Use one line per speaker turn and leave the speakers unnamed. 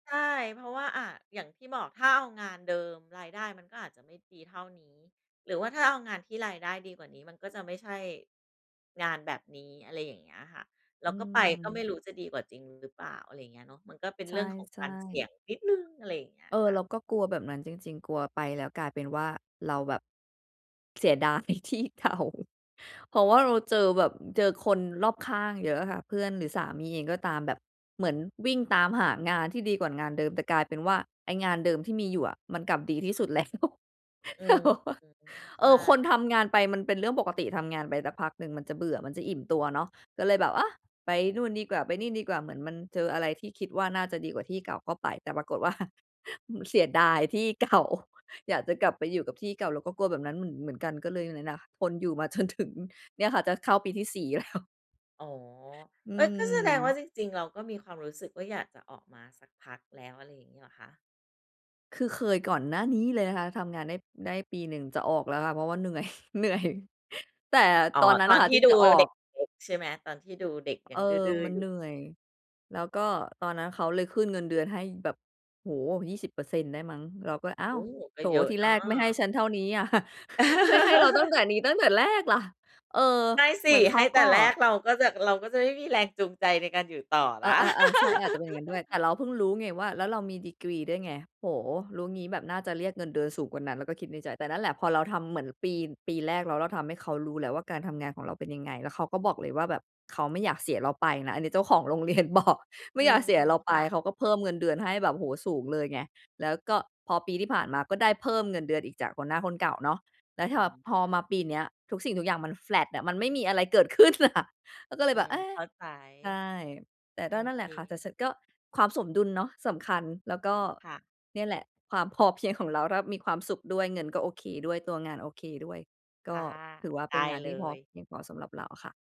ใช่ เพราะว่า อา อย่างที่บอก ถ้าเอางานเดิมรายได้มันก็อาจจะไม่ดีเท่านี้ หรือว่าถ้าเอางานที่รายได้ดีกว่านี้มันก็จะไม่ใช่งานแบบนี้ อะไรอย่างเงี้ยค่ะ แล้
อื
วก็ไป ก็ไม่
ม
รู้จะดีกว่าจริงหรือเปล่า อะไรเงี้ยเนาะ มันก็เป็น
ใช
เรื่องของก
่
ารเสี่ย
ๆ
งนิดหนึ่ง อะไรอย่างเงี้ย
เอ
ค
อ
่ะ
เราก็กลัวแบบนั้นจริง ๆ กลัวไปแล้วกลายเป็นว่าเราแบบ เสียดาย ที่เก่า เพราะว่าเราเจอแบบ อ เจอคนรอบข้างเยอะอะค่ะ เพื่อนหรือสามีเองก็ตามแบบ เหมือนวิ่งตามหางานที่ดีกว่างานเดิม แต่กลายเป็นว่า ไอ้งานเดิมที่มีอยู่อะ มันกลับดีที่สุด แล้ว
อื
ต
ม
ลก
อ
เปล่า?
อืม ใ
เ
ช
อ
่
อ คนทำงานไปมันเป็นเรื่องปกติ ทำงานไปสักพักหนึ่งมันจะเบื่อ มันจะอิ่มตัวเนาะ ก็เลยแบบ เอ๊ะ! ไปนู่นดีกว่า ไปนี่ดีกว่า เหมือนมันเจออะไรที่คิดว่าน่าจะดีกว่าที่เก่าก็ไป แต่ปรากฏว่า มันเสียดายที่ เก่า อยากจะกลับไปอยู่กับที่เก่า เราก็กลัวแบบนั้นเหมือน เหมือนกัน ก็เลยเนี่ยนะ ทนอยู่มา จนถึง เนี่ยค่ะจะเข้าปีที่ 4 แล้ว
อ๋อ
อื
เฮ่ย ก็แสดงว่า
ม
จริง ๆ เราก็มีความรู้สึกว่าอยากจะออกมาสักพักแล้ว อะไรอย่างนี้เหรอคะ?
คือเคยก่อนหน้านี้เลยนะคะ ทำงานได้ ได้ปีหนึ่ง จะออกแล้วค่ะ เพราะว่า เหนื่อย เหนื่อย แต่
อ๋อ
ตอนนั้
ต
นอ
อ
ะ
น
ค่ะ
ที
ท
่
ี่
ด
จ
ู
ะออ
เด็
ก
ก ๆ ใช่ไหม? ตอนที่ดูเด็ก
เ
ยั
ออ
งดื้อ ดื้อ
มั
อ
น
ยู
เหน
่
ื่อย แล้วก็ตอนนั้นเขาเลยขึ้นเงินเดือนให้แบบ โอ้โฮ 20% ได้มั้ง เราก็ อ้า
โอ
ว!
้โฮ ก
โธ
็
่
เยอะ
ที
น
แรกไม่ให้
ะ
ฉันเท่านี้อะ ให้ ให้เราตั้งแต่นี้ตั้งแต่แรกล่ะ เออ
ใช่ส
เหม
ิ
ือนเข
ให
า
้แต
ก็
่แรกเราก็จะ เราก็จะได้มีแรงจูงใจในการอยู่ต่อ
เอ
นะ
อ ๆ ๆ ใช่ อาจจะเป็นอย่างงั้นด้วย แต่เราเพิ่งรู้ไงว่า แล้วเรามีดีกรีด้วยไง โอ้โฮ รู้งี้แบบน่าจะเรียกเงินเดือนสูงกว่านั้น เราก็คิดในใจ แต่นั่นแหละ พอเราทำเหมือนปี ปีแรก แล้วเราทำให้เขารู้แล้วว่าการทำงานของเราเป็นยังไง แล้วเขาก็บอกเลยว่า แบบเขาไม่อยากเสียเราไปนะ อันนี้เจ้าของโรงเรียนบอก ไม
อื
่อยากเสีย
ม
เราไ
ๆ ค
ป
่ะ
เขาก็เพิ่มเงินเดือนให้แบบ โอ้โฮ สูงเลยไง แล้วก็พอปีที่ผ่านมาก็ได้เพิ่มเงินเดือนอีกจากหัวหน้าคนเก่าเนาะ แล้วถ
อ
้
ื
าแบ
ม
บ
อ
พ
า
อ
ใช
มา
่
ปีเนี้ย ทุกสิ่งทุกอย่างมัน แฟลต อะ มันไม่มีอะไรเกิด ขึ้นอะ เราก็เล
อื
ยแบบ
ม
เอ๊
เ
ะ
ข้าใจ
ใช่ แต่
โอ
ก็นั่น
เ
แ
ค
หละค่ะ แต่ฉันก็ ความสมดุลเนาะสำคัญ แล้วก็
ค่ะ
เนี่ยแหละความพอเพียงของเรา ถ้ามีความสุขด้วย เงินก็โอเคด้วย ตัวงานโอเคด้วย ก
ค
็
่ะ
ถือว่า
ไ
เป
ด
็น
้
งาน
เ
ท
ล
ี่พอ
ย
เพียงพอสำหรับเราค่ะ